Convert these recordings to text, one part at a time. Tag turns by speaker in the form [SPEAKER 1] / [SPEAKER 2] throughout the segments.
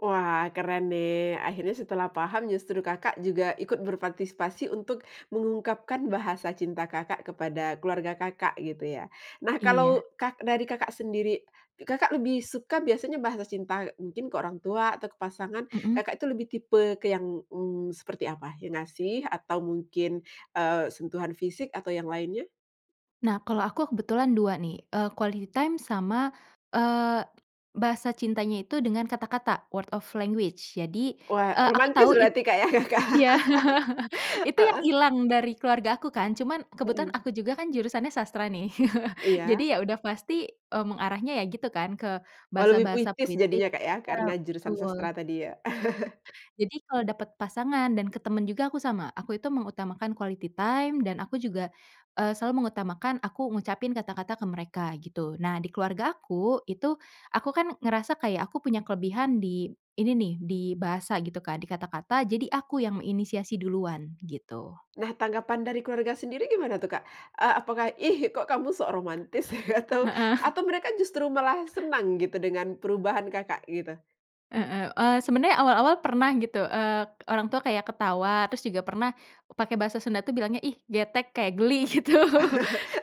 [SPEAKER 1] Wah keren nih, akhirnya setelah paham justru Kakak juga ikut berpartisipasi untuk mengungkapkan bahasa cinta Kakak kepada keluarga Kakak gitu ya. Nah, kalau
[SPEAKER 2] Iya.
[SPEAKER 1] Kak dari Kakak sendiri, Kakak lebih suka biasanya bahasa cinta, mungkin ke orang tua atau ke pasangan,
[SPEAKER 2] Mhm.
[SPEAKER 1] Kakak itu lebih tipe ke yang, mmm, seperti apa? Yang ngasih atau mungkin, eee, sentuhan fisik atau yang lainnya?
[SPEAKER 2] Nah, kalau aku kebetulan 2 nih, eee, quality time sama, eee, bahasa cintanya itu dengan kata-kata, word of language. Jadi,
[SPEAKER 1] Wah,
[SPEAKER 2] eee, aku
[SPEAKER 1] romantis
[SPEAKER 2] tahu it
[SPEAKER 1] berarti Kak ya Kak,
[SPEAKER 2] iya. Itu yang
[SPEAKER 1] heeh?
[SPEAKER 2] hilang dari keluarga aku kan. Cuman kebetulan
[SPEAKER 1] Mhm.
[SPEAKER 2] aku juga kan jurusannya sastra nih, jadi
[SPEAKER 1] Iya.
[SPEAKER 2] ya udah pasti, eee, mengarahnya ya gitu kan, ke
[SPEAKER 1] Oh lebih
[SPEAKER 2] bahasa-bahasa
[SPEAKER 1] puitis
[SPEAKER 2] puitis,
[SPEAKER 1] jadinya Kak ya,
[SPEAKER 2] iya
[SPEAKER 1] karena jurusan
[SPEAKER 2] betul.
[SPEAKER 1] sastra tadi ya.
[SPEAKER 2] Jadi kalo dapet pasangan dan ke temen juga aku sama, aku itu mengutamakan quality time dan aku juga, eee, selalu mengutamakan aku ngucapin kata-kata ke mereka gitu. Nah, di keluargaku itu aku kan ngerasa kayak aku punya kelebihan di ini nih, di bahasa gitu Kak, di kata-kata, jadi aku yang inisiasi duluan gitu.
[SPEAKER 1] Nah, tanggapan dari keluarga sendiri gimana tuh Kak? Eee, apakah, "Ih kok kamu sok romantis?" Atau
[SPEAKER 2] Heeh.
[SPEAKER 1] atau mereka justru malah senang gitu dengan perubahan Kakak gitu?
[SPEAKER 2] Heeh, eee, sebenernya awal-awal pernah gitu, eee, orang tua kayak ketawa, terus juga pernah pakai bahasa Sunda tuh bilangnya ih getek, kayak geli gitu,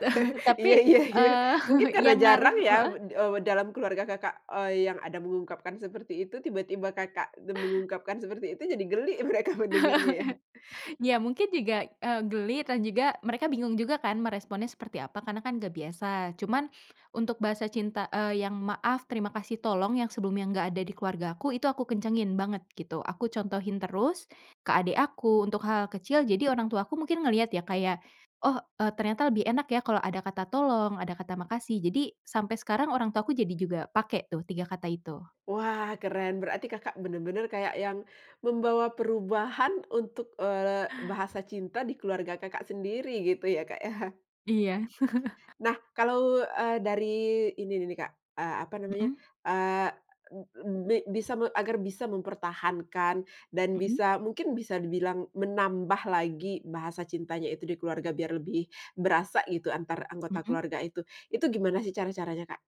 [SPEAKER 2] tapi,
[SPEAKER 1] Iya iya iya.
[SPEAKER 2] eee,
[SPEAKER 1] Mungkin karena
[SPEAKER 2] yang ngaruh
[SPEAKER 1] jarang ya
[SPEAKER 2] heeh?
[SPEAKER 1] we wed eee, dalam keluarga Kakak, eee, yang ada mengungkapkan seperti itu, tiba-tiba Kakak ne mengungkapkan seperti itu jadi geli mereka mendengarnya ya.
[SPEAKER 2] Ya mungkin juga, eee, geli dan juga mereka bingung juga kan meresponnya seperti apa, karena kan gak biasa cuman untuk bahasa cinta, eee, yang, "maaf, terima kasih, tolong", yang sebelumnya nggak ada di keluarga aku, itu aku kencengin banget gitu. Aku contohin terus ke adik aku untuk hal kecil, jadi orang tuaku mungkin ngelihat ya kayak, oh, eee, ternyata lebih enak ya kalau ada kata tolong, ada kata makasih. Jadi sampai sekarang orang tuaku jadi juga pake tuh 3 kata itu.
[SPEAKER 1] Wah, keren, berarti Kakak bener-bener kayak yang membawa perubahan untuk, eee, bahasa cinta di keluarga Kakak sendiri gitu ya Kak ya?
[SPEAKER 2] Iya.
[SPEAKER 1] Nah, kalau, eee, dari ini nih nih, Kak, eee, apa namanya,
[SPEAKER 2] Mhm.
[SPEAKER 1] eee, b bi bisa agar bisa mempertahankan dan
[SPEAKER 2] Mhm.
[SPEAKER 1] bisa mungkin bisa dibilang menambah lagi bahasa cintanya itu di keluarga biar lebih berasa gitu antar anggota
[SPEAKER 2] Mhm.
[SPEAKER 1] keluarga itu, itu gimana sih cara-caranya Kak?